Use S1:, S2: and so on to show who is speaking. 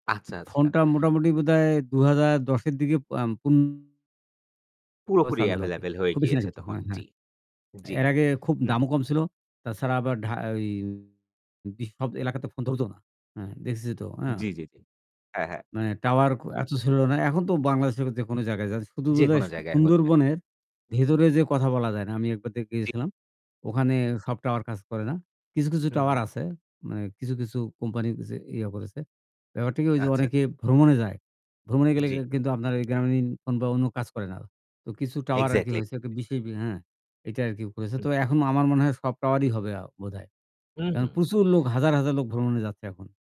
S1: আচ্ছা, আচ্ছা।
S2: ফোনটা মোটামুটি বোধহয় ২০১০ এর দিকে আম পুনরায়
S1: পুরোপুরি
S2: চালু হলো আরকি।
S1: available হয়ে
S2: খুব বেশি না
S1: গিয়েছে
S2: কিন্তু
S1: তখন
S2: হ্যাঁ,
S1: জি,
S2: হ্যাঁ।
S1: জি।
S2: এর আগে খুব
S1: হুম।
S2: দামও কম ছিল। তাছাড়া আবার ঢা ওই সব এলাকাতে ফোন ধরত না হ্যাঁ, দেখেছি তো, হ্যাঁ?
S1: জি, জি, জি। হ্যাঁ, হ্যাঁ।
S2: মানে টাওয়ার ক এত ছিল না। এখন তো বাংলাদেশের যে কোন জায়গায় যান, শুধু বোধহয়
S1: যেকোনো
S2: যে
S1: জায়গায় হচ্ছে।
S2: সুন্দরবনের ভেতরে যে কথা বলা যায় না। আমি একবার দেখে
S1: জি।
S2: এসেছিলাম। ওখানে সব টাওয়ার কাজ করে না। কিছু, কিছু টাওয়ার
S1: হু-হুম।
S2: আছে, মানে কিছু, কিছু কোম্পানি যে ইয়া করেছে। ব্যাপারটা কি, ঐ যে
S1: আচ্ছা।
S2: অনেকে ভ্রমণে যায়। ভ্রমণে গেলে
S1: জি।
S2: কিন্তু আপনার এই গ্রামীণ ফোন বা অন্য কাজ করে না। তো কিছু টাওয়ার আরকি
S1: Exactly.
S2: হয়েছে একটা বিশেষ হ্যাঁ, এইটা আরকি করেছে।
S1: হুম।
S2: তো এখন আমার মনে হয় সব টাওয়ারই হবে আ বোধহয়।
S1: হু,
S2: কারণ
S1: হুম।
S2: প্রচুর লোক, হাজার, হাজার লোক ভ্রমণে যাচ্ছে এখন।